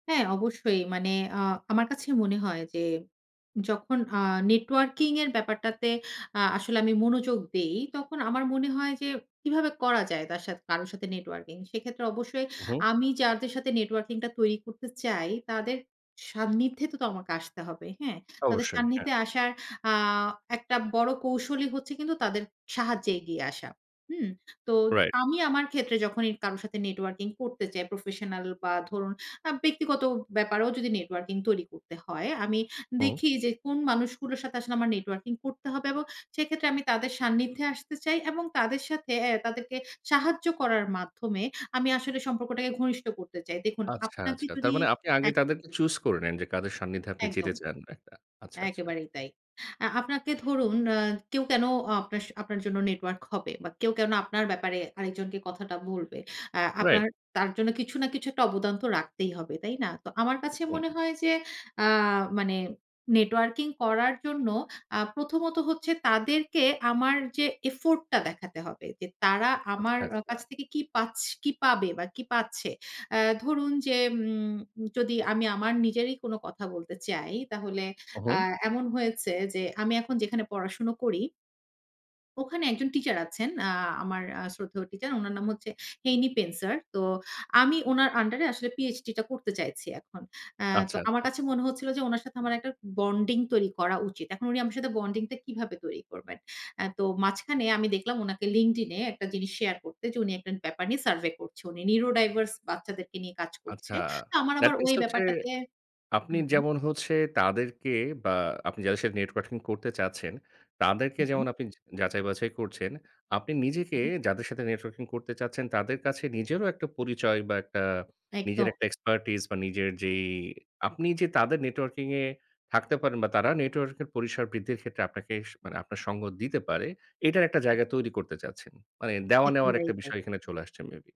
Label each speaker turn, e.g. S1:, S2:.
S1: হ্যাঁ, অবশ্যই। মানে আ আমার কাছে মনে হয় যে যখন আ নেটওয়ার্কিং এর ব্যাপারটাতে আ আসলে আমি মনোযোগ দেই, তখন আমার মনে হয় যে কিভাবে করা যায় তার সা কারো সাথে নেটওয়ার্কিং, সেক্ষেত্রে অবশ্যই
S2: হু, হু।
S1: আমি যাদের সাথে নেটওয়ার্কিংটা তৈরি করতে চাই, তাদের সান্নিধ্যেতে তো আমাকে আসতে হবে। হ্যাঁ? তাদের
S2: অবশ্যই, হ্যাঁ।
S1: সান্নিধ্যে আসার আ একটা বড় কৌশলই হচ্ছে কিন্তু তাদের সাহায্যে এগিয়ে আসা। হুম? তো
S2: রাইট।
S1: আমি আমার ক্ষেত্রে যখনই কারো সাথে নেটওয়ার্কিং করতে চাই, প্রফেশনাল বা ধরুন আ ব্যক্তিগত ব্যাপারেও যদি নেটওয়ার্কিং তৈরি করতে হয়, আমি
S2: হুম।
S1: দেখি যে কোন মানুষগুলোর সাথে আসলে আমার নেটওয়ার্কিং করতে হবে এবং সেক্ষেত্রে আমি তাদের সান্নিধ্যে আসতে চাই এবং তাদের সাথে আ তাদেরকে সাহায্য করার মাধ্যমে আমি আসলে সম্পর্কটাকে ঘনিষ্ঠ করতে চাই। দেখুন
S2: আচ্ছা,
S1: আপনাকে
S2: আচ্ছা। তার
S1: যদি
S2: মানে আপনি আগে
S1: এক
S2: তাদেরকে চুজ করে নেন, যে কাদের সান্নিধ্যে আপনি
S1: একদম।
S2: যেতে চান। এ আ আচ্ছা, আচ্ছা।
S1: একেবারেই তাই। আ আপনাকে ধরুন আ কেউ কেন আ আপনার স আপনার জন্য নেটওয়ার্ক হবে? বা কেউ কেন আপনার ব্যাপারে আরেকজনকে কথাটা বলবে। আ
S2: রাইট।
S1: আপনার তার জন্য কিছু না কিছু একটা অবদান তো রাখতেই হবে। তাই না? তো আমার কাছে
S2: উ
S1: মনে
S2: হু।
S1: হয় যে আ মানে নেটওয়ার্কিং করার জন্য আ প্রথমত হচ্ছে তাদেরকে আমার যে এফোর্টটা দেখাতে হবে। যে তারা
S2: আচ্ছা,
S1: আমার আ
S2: আচ্ছা।
S1: কাছ থেকে কি পাছ কি পাবে বা কি পাচ্ছে। আ ধরুন যে উম যদি আমি আমার নিজেরই কোনো কথা বলতে চাই, তাহলে আ
S2: উহু।
S1: এমন হয়েছে যে আমি এখন যেখানে পড়াশোনা করি ওখানে একজন টিচার আছেন, আ আমার আ শ্রদ্ধেয় টিচার। উনার নাম হচ্ছে হেনি পেন্সার। তো আমি উনার আন্ডার এ আসলে PhD-টা করতে চাইছি এখন। আ তো
S2: আচ্ছা,
S1: আমার
S2: আচ্ছা।
S1: কাছে মনে হচ্ছিল যে উনার সাথে আমার একটা বন্ডিং তৈরি করা উচিত। এখন উনি আমার সাথে বন্ডিংটা কিভাবে তৈরি করবেন। আ তো মাঝখানে আমি দেখলাম উনাকে LinkedIn এ একটা জিনিস শেয়ার করতে যে উনি একটা ব্যাপার নিয়ে সার্ভে করছে। উনি নিউরোডাইভার্স বাচ্চাদেরকে নিয়ে কাজ করছে।
S2: আচ্ছা,
S1: তো আমার আবার
S2: দ্যাট মিনস
S1: ওই
S2: এটা হচ্ছে
S1: ব্যাপারটাতে হু,
S2: আপনি
S1: হু।
S2: যেমন হচ্ছে তাদেরকে বা আপনি যাদের সাথে নেটওয়ার্কিং করতে চাচ্ছেন, তাদেরকে
S1: হু, হু।
S2: যেমন আপনি জ যাচাই-বাছাই করছেন, আপনি নিজেকে
S1: হুম।
S2: যাদের সাথে নেটওয়ার্কিং করতে চাচ্ছেন তাদের কাছে নিজেরও একটা পরিচয় বা একটা নিজের
S1: একদম।
S2: একটা এক্সপার্টাইজ বা নিজের যেই আপনি যে তাদের নেটওয়ার্কিং এ থাকতে পারেন বা তারা নেটওয়ার্ক এর পরিসর বৃদ্ধির ক্ষেত্রে আপনাকে স মানে আপনার সঙ্গ দিতে পারে, এটার একটা জায়গা তৈরি করতে চাচ্ছেন। মানে দেওয়া নেওয়ার
S1: একেবারেই
S2: একটা
S1: তাই।
S2: বিষয় এখানে চলে আসছে মেবি?